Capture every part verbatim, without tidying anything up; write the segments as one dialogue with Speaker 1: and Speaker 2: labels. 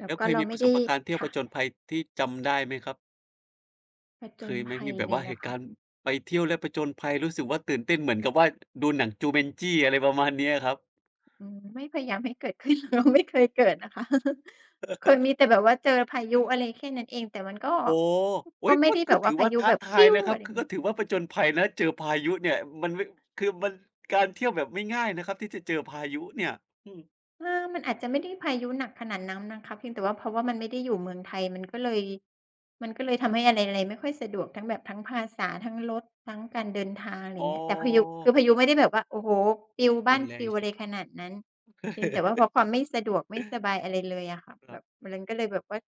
Speaker 1: แล้
Speaker 2: แ
Speaker 1: ว
Speaker 2: ล้ว
Speaker 1: ก็
Speaker 2: เค
Speaker 1: เ
Speaker 2: ย
Speaker 1: รา
Speaker 2: มี
Speaker 1: ไม
Speaker 2: ป
Speaker 1: ่
Speaker 2: ระ
Speaker 1: ไ
Speaker 2: ส
Speaker 1: ด้
Speaker 2: บประการณ์เที่ยว
Speaker 1: ค่
Speaker 2: ผ
Speaker 1: ะ
Speaker 2: จญภัยที่จำได้ไหมครับ?
Speaker 1: ผจ
Speaker 2: เค
Speaker 1: ญ
Speaker 2: ยไหม
Speaker 1: ภั
Speaker 2: มี
Speaker 1: ย
Speaker 2: แบ
Speaker 1: เล
Speaker 2: บว
Speaker 1: ย
Speaker 2: ่า
Speaker 1: เห
Speaker 2: เ
Speaker 1: ร
Speaker 2: ห
Speaker 1: อ
Speaker 2: ตุ
Speaker 1: ค
Speaker 2: ก
Speaker 1: ะ?
Speaker 2: ารณ์ไปเที่ยวแล้วผจญภัย รู้สึกว่าตื่นเต้นเหมือนกับว่า ดูหนัง Jumanji อะไรประมาณนี้อะครับ?
Speaker 1: อืม ไม่พยายามให้เกิด ขึ้น เรา ไม่เคยเกิดนะคะ เคยมีแต่แบบว่าเจอพายุอะไรแค่นั้นเอง แต่มันก็
Speaker 2: โอ้! อุ
Speaker 1: ก
Speaker 2: ๊
Speaker 1: ็
Speaker 2: ย!
Speaker 1: ไม่
Speaker 2: ก็
Speaker 1: ได้แ
Speaker 2: ก
Speaker 1: บ
Speaker 2: ็
Speaker 1: บ
Speaker 2: ถ
Speaker 1: ว่า
Speaker 2: ือ
Speaker 1: พา
Speaker 2: ว่า
Speaker 1: ยุ
Speaker 2: ท้า
Speaker 1: แบบ
Speaker 2: ทายนะคร
Speaker 1: อ
Speaker 2: ั
Speaker 1: ะ
Speaker 2: บ
Speaker 1: ไร
Speaker 2: คือ
Speaker 1: เง
Speaker 2: ก
Speaker 1: ี้
Speaker 2: ็
Speaker 1: ย
Speaker 2: ถือว่า ผจญภัยนะเจอพายุเนี่ย มันไม่ คือมันการเที่ยวแบบไม่ง่ายนะครับ ที่จะเจอพายุเนี่ย อืม
Speaker 1: อา มันอาจจะไม่ได้พายุหนักขนาดนั้นนะคะ เพียงแต่ว่าเพราะว่ามันไม่ได้อยู่เมืองไทย มันก็เลย มันก็เลยทำให้อะไร ๆ ไม่ค่อยสะดวก ทั้งแบบทั้งภาษา ทั้งรถ ทั้งการเดินทาง อะไรอ
Speaker 2: อ
Speaker 1: ย่
Speaker 2: ๋
Speaker 1: างเงี้ย แต่พายุ คือ
Speaker 2: อ
Speaker 1: พายุไม่ได้แบบว่า โอ้โฮ ปลิว บ
Speaker 2: ร
Speaker 1: ้า
Speaker 2: ุ
Speaker 1: น
Speaker 2: นแร
Speaker 1: ปล
Speaker 2: ง
Speaker 1: ิว อ
Speaker 2: สุ
Speaker 1: ะ
Speaker 2: ด
Speaker 1: ไรขนาดนั้น เพียงแต่ว่าเพราะความไม่สะดวกไม่สบายอะไรเลยอะค่ะ
Speaker 2: ค
Speaker 1: แบ
Speaker 2: รับ
Speaker 1: บ ม ลัน ก็เลยแบบว่า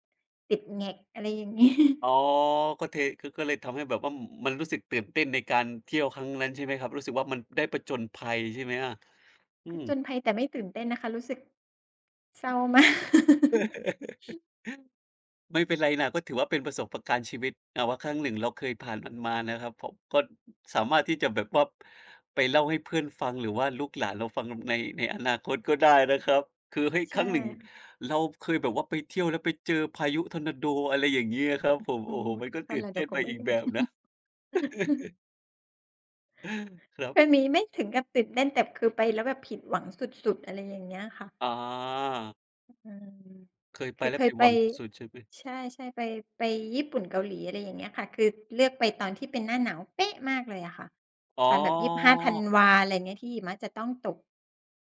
Speaker 1: ติดแหง็ก อะไรอย่าง งี้
Speaker 2: อ๋อ ก็เท ก็เลยทำให้แบบว่า ม มันรู้สึกตื่นเต้นในการเที่ยวครั้งนั้นใช่ไหมครับ รู้สึกว่ามันได้ผจญภัยใช่ไหมอะ? อื
Speaker 1: ผ
Speaker 2: ม
Speaker 1: จญภัย แต่ไม่ตื่นเต้นนะคะ รู้สึก เศร้า มาก
Speaker 2: ไม่เป็นไรน่ะ ก็ถือว่าเป็นประสบประการณ์ชีวิต อา ว่าครั้งหนึ่งเราเคยผ่านมันมานะครับผม ก็ สามารถที่จะแบบว่า ไปเล่าให้เพื่อนฟัง หรือว่าลูกหลานเราฟังใน ในอนาคต ก็ได้นะครับ คือ เฮ้ย!
Speaker 1: ใช
Speaker 2: ค
Speaker 1: ่
Speaker 2: รั้งหนึ่ง
Speaker 1: ค่ะ
Speaker 2: เราเคยแบบว่าไปเที่ยวแล้วไปเจอพายุทอร์นาโด อะไรอย่างงี้อะครับผม
Speaker 1: โอ
Speaker 2: โ
Speaker 1: ้
Speaker 2: อ้
Speaker 1: โฮ
Speaker 2: โฮ! มันก็
Speaker 1: นั
Speaker 2: ต
Speaker 1: ่
Speaker 2: ื่
Speaker 1: นแ
Speaker 2: น
Speaker 1: หละ เ
Speaker 2: เต
Speaker 1: ดี๋
Speaker 2: ้
Speaker 1: ย
Speaker 2: น
Speaker 1: วก
Speaker 2: ไป
Speaker 1: บไม่
Speaker 2: อีก
Speaker 1: ถึ
Speaker 2: แ
Speaker 1: ง
Speaker 2: บบนะ เออ ครั
Speaker 1: เค
Speaker 2: บ
Speaker 1: ยมีไม่ถึงกับติดแน่น แต่คือไปแล้วแบบผิดหวังสุด ๆ อะไรอย่างเงี้ยค่ะ
Speaker 2: อ๋อ
Speaker 1: อือ
Speaker 2: เคย
Speaker 1: ค
Speaker 2: ไป
Speaker 1: ือ
Speaker 2: แล้
Speaker 1: เค
Speaker 2: วผ
Speaker 1: ย
Speaker 2: ิด
Speaker 1: ไป
Speaker 2: หวังสุด ๆ ใช่ไหม?
Speaker 1: ใช่ ๆ ไป ไปญี่ปุ่น เกาหลี อะไรอย่างเงี้ยค่ะ คือเลือกไปตอนที่เป็นหน้าหนาว เป๊ะ มากเลยอะค่ะ
Speaker 2: อ๋อ
Speaker 1: ตอนแบบ ยีบห้า ธันวา อะไรอย่างเงี้ย ที่หิมะจะต้องตก